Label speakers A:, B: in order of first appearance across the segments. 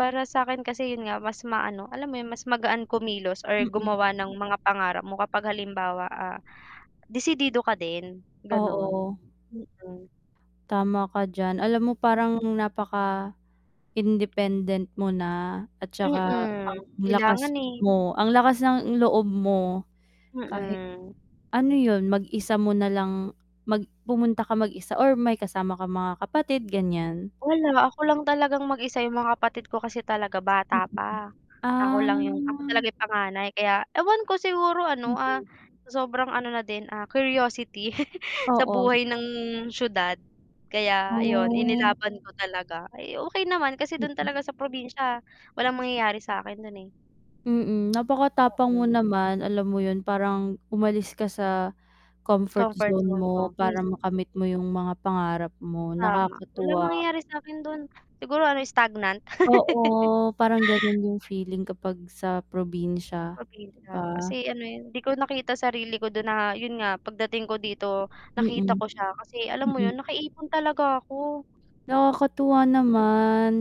A: Para sa'kin kasi yun nga mas maano, alam mo yun mas magaan kumilos or
B: Mm.
A: gumawa ng mga pangarap mo kapag halimbawa, ah, disidido ka din ganun,
B: Oo.
A: mm.
B: Tama ka d'yan, alam mo parang napaka independent mo na at 'tsaka
A: Mm,
B: ang
A: kailangan,
B: lakas
A: eh.
B: mo, ang lakas ng loob mo kahit,
A: Mhm.
B: ano yun mag-isa mo nalang mag pumunta ka mag-isa or may kasama ka mga kapatid, gan'yan?
A: Wala, ako lang talagang mag-isa yung mga kapatid ko kasi talaga bata pa, ako
B: ah.
A: lang 'yong, ako talaga yung panganay, kaya ewan ko siguro ano, ah,
B: Mhm.
A: sa sobrang ano na din, ah, curiosity, sa
B: Oo.
A: buhay ng siyudad, kaya 'yon
B: Oh.
A: inilaban ko talaga, ay, okey naman kasi do'n
B: Mm.
A: talaga sa probinsya, walang mangyayari sa'kin do'n, eh.
B: Mm, napakatapang mo
A: Oo.
B: naman alam mo yun, parang umalis ka sa comfort
A: Comfort
B: zone
A: zone ko,
B: mo, para
A: mismo.
B: makamit mo yung mga pangarap mo,
A: Tama, walang
B: nakakatuwa.
A: mangyayari sa'kin dun, siguro ano stagnant.
B: Oo, parang ganun yung feeling kapag sa probinsya, 'di ba?
A: Probinsya kasi ano, eh, hindi ko nakita sarili ko dun, na yun nga pagdating ko dito, nakita
B: Mm.
A: ko siya, kasi alam mo yun
B: Mm.
A: nakaipon talaga ako.
B: Nakakatuwa
A: Mm.
B: naman,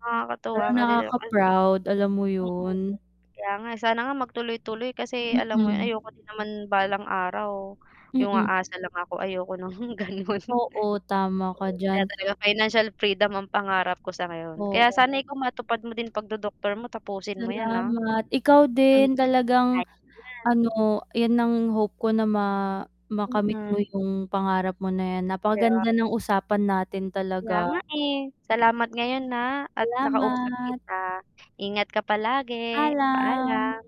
A: Nakakatuwa
B: parang
A: nga din, eh, 'no. [unintelligible]
B: nakaka-proud, alam mo
A: Oo,
B: yun.
A: kaya nga sana nga mag tuloy-tuloy, kasi alam mo yun
B: Mhm.
A: ayoko din naman balang araw, yung
B: Mm.
A: aasa lang ako, ayoko ng ganun.
B: Oo, tama ka
A: Kaya
B: diyan.
A: talaga financial freedom ang pangarap ko sa ngayon, kaya
B: Oo.
A: sana ikaw matupad mo din 'pag dodoktor mo tapusin mo 'yan, ah.
B: Salamat, ikaw
A: Hmm,
B: din talagang
A: ayos 'yan.
B: ano 'yan ang hope ko na ma makamit mo
A: Mhm.
B: yung pangarap mo na 'yan,
A: Kaya
B: napakaganda ng usapan natin
A: kaya
B: talaga.
A: nga, eh, salamat ngayon, ah at nakausap
B: Salamat.
A: kita, ingat ka palagi,
B: Alam.
A: paalam.